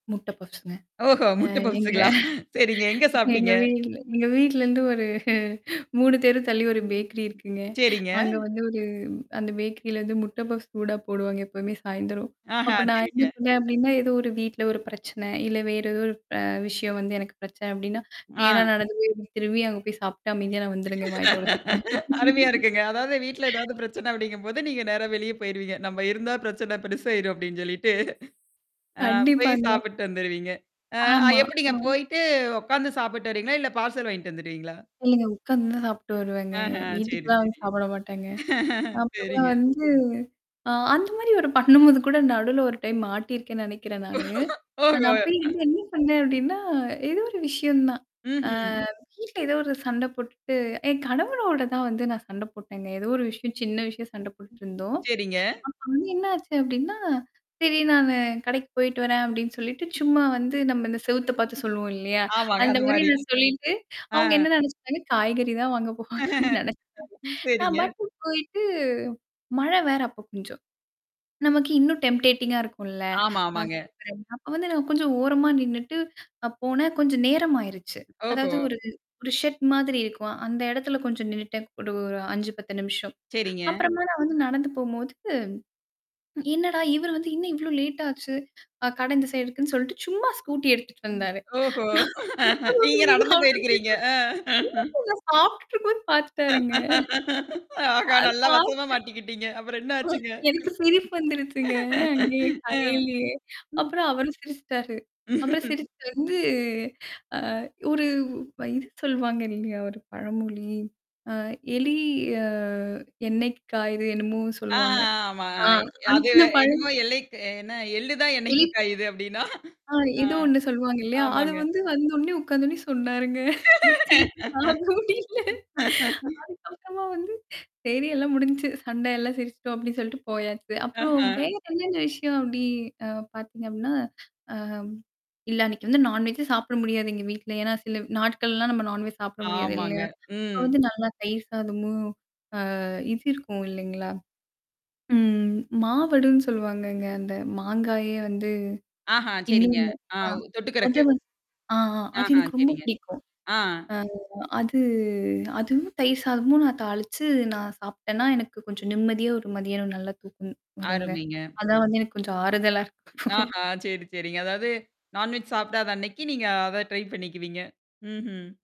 முட்ட பப்ஸ்ங்க. ஓஹோ! அ முட்ட எங்க பப்ஸுங்களா! சரிங்க எங்க சாப்டீங்க? எங்க வீட்ல எங்க வீட்லருந்து ஒரு 3 தெரு தள்ளி ஒரு ம். பேக்கரி இருக்குங்க. சரிங்க. அங்க வந்து ஒரு அந்த பேக்கரிலருந்து முட்டை பஃப்ஸ் சூடா போடுவாங்க. எப்பவுமே சாயந்தரம். ஆஹ அப்ப நான் என்ன சரிங்க. பண்ணேன் அப்ப்டின்னா, ஏதோ ஒரு வீட்ல ஒரு பிரச்சனை, இல்ல வேறு ஏதோ ஒரு ப விஷயம் வந்து எனக்கு பிரச்சனை அப்ப்டின்னா, ந நா ஆ. நடந்து போய் திரும்பி அங்க போய் சாப்ட்டு அமைதியா நான் வந்துருங்கேன். வாய் தொடச்சுட்டு. அருமையா இருக்குங்க. அதாவது வீட்ல ஏதாவது பிரச்சனை அப்டிங்கும்போது, நீங்க நேரா வெளியே போயிருவீங்க. நம்ம இருந்தா பிரச்சனை பெருசாயிரும் அப்படின்னு சொல்லிட்டு. ஆ போய் கண்டிப்பாங்க. சாப்பிட்டு வந்துருவீங்க. அ அ ஆமா. எப்படிங்க ஆ. போயிட்டு உட்காந்து சாப்பிட்டு வருவீங்களா? இல்ல பார்சல் வாங்கிட்டு வந்துருவீங்களா? இல்லங்க உட்காந்து தான் சாப்ப்டட்டு வருவேங்க. ஆஹ சரி, வீட்டுக்கெல்லாம் வந்து சரி. சாப்பிட மாட்டேங்க. அப்பதான் சரிங்க. வந்து ஆ அந்த மாரி ஒரு பண்ணும்போது கூட நடுவுல ஒரு டைம் மாட்டியிருக்கேன்னு நெனைக்கிறேன் நானு. ந நான் ஓஹோ! அப்பய வந்து என்ன பன்னேன் அப்டின்னா, ஏதோ ஒரு விஷயம் தான். அ ம்ஹ்ம். வீட்ல ஏதோ ஒரு சண்ட போட்டுட்டு, என் கணவரோட தான் வந்து நான் சண்ட போட்டேன்ங்க. ஏதோ ஒரு விஷயம் சின்ன விஷயம் சண்ட போட்டுட்டுருந்தோம். சரிங்க. அப்ப வந்து என்ன ஆச்சு அப்படின்னா, சரி "நானு கடைக்கு போயிட்டு வரேன்." அப்படின்னு சொல்லிட்டு சும்மா வந்து நம்ம இந்த செவுத்த பார்த்து சொல்லுவோம் இல்லையா? ஆமாங்க. அந்த அந்த மாரி மாரி. நான் சொல்லிட்டு, ஆ. அவங்க என்ன நெனச்சுட்டாங்க காய்கறி தான் வாங்க போவாங்க. அப்டின்னு நினைச்சேன். நான் சரிங்க. மட்டும் போயிட்டு மழை வேற அப்ப கொஞ்சம். நமக்கு இன்னும் டெம்பேட்டிங்கா இருக்கும்ல. ஆமா, அ ஆமாங்க. சூப்பர். அப்ப வந்து நான் கொஞ்சம் ஓரமா நின்னுட்டு அ போனேன் கொஞ்சம் நேரம்யிருச்சு. ஓஹோ! அதாவது ஒரு ஒரு ஷெட் மாரி இருக்கும். அந்த இடத்துல கொஞ்சம் நின்னுட்டேன் ஒரு 5, 10 நிமிஷம். சரிங்க. அப்புறமா நான் வந்து நடந்து போம்போது என்னடா? இவரு வந்து இன்னும் இவ்வளோ லேட் ஆச்சு. அ கடை இந்த சைடு இருக்குன்னு சொல்லிட்டு சும்மா ஸ்கூட்டி எடுத்துட்டு வந்தாரு. ஓஹோ! நான் முட்ட நீங்க பப்ஸ்ங்க நடந்து சாப்ட்டுட்டு போயிருக்கிறீங்க. அ. இருந்தேன்ங்க. [unintelligible] சாப்ட்டுட்டு இருக்கும்போதுன்னு பார்த்துட்டாருங்க. ஆஹா! அ நல்லா பாத்து வசமா மாட்டிக்கிட்டீங்க. அப்புறம் என்ன ஆச்சுங்க? எனக்கு சிரிப்பு வந்துருச்சுங்க. அங்கேயே ஆ. கடையிலயே ம். அப்புறம் அவரும் சிரிச்சுட்டாரு. அப்புறம் சிரிச்சு வந்து அ ஒரு இது சொல்வாங்க இல்லையா? ஒரு பழமொழி. அ எலி அ எண்ணெய்க்கு காய்து என்னமோ ஆ, ஆ, சொல்லுவாங்க. ஆ. ஆமா. ஆ அது அந்த பழமொ என்னமோ எல்லைக்கு என்ன எள்ளு தான் என்னைக்கு இ காயுது அப்டின்னா. ஆ ஆ. ஏதோ ஒண்ணு சொல்லுவாங்க இல்லையா? அது ஆமாங்க. வந்து வந்து உடனே உட்கார்ந்து உடனே சொன்னாருங்க. எனக்கு சிரிப்பு தாங்க முடியல. அதுக்கப்புறமா வந்து சரி எல்லாம் முடிஞ்சுச்சு சண்டை எல்லாம் சிரிச்சுட்டோம். அப்ப்டின்னு சொல்லிட்டு போயாச்சு. அப்புறம் ஆஹ. வேற என்னென்ன விஷயம் அப்படி அ பார்த்தீங்க அப்டினா, அ. இல்ல அன்னைக்கு வந்து நான்வெஜே சாப்பிட முடியாது எங்க வீட்ல. ஏன்னா சில நாட்கள்லாம் நம்ம நான்வெஜ் சாப்பிட முடியாது ஆமாங்க. இல்லையா? அப்ப ம். வந்து நல்லா தயிர் சாதமோ! அ இது இருக்கும் இல்லைங்களா? ம். மாவடுன்னு சொல்லுவாங்கங்க அந்த மாங்காயே வந்து ஆஹா, சரிங்க. இன்னொன்ன. ஆ ஆ. தொட்டுக்கறக்கு. அதுவும் ஆ அது ஆஹா, எனக்கு ரொம்ப சரிங்க. பிடிக்கும். ஆ. அ அது அதுவும் தயிர் சாதமும் நான் தாளிச்சு நான் சாப்டேன்னா, எனக்கு கொஞ்சம் நிம்மதியா ஒரு மதியானம் நல்லா தூக்கம் வருங்க. அருமைங்க. அதான் வந்து எனக்கு கொஞ்சம் ஆறுதலா இருக்கும். ஆஹா! சரி, சரிங்க. அதாவது நான்வெஜ் சாப்டாத அன்னைக்கு நீங்க அத ட்ரை பண்ணிக்குவீங்க. ம்ஹ்ம்.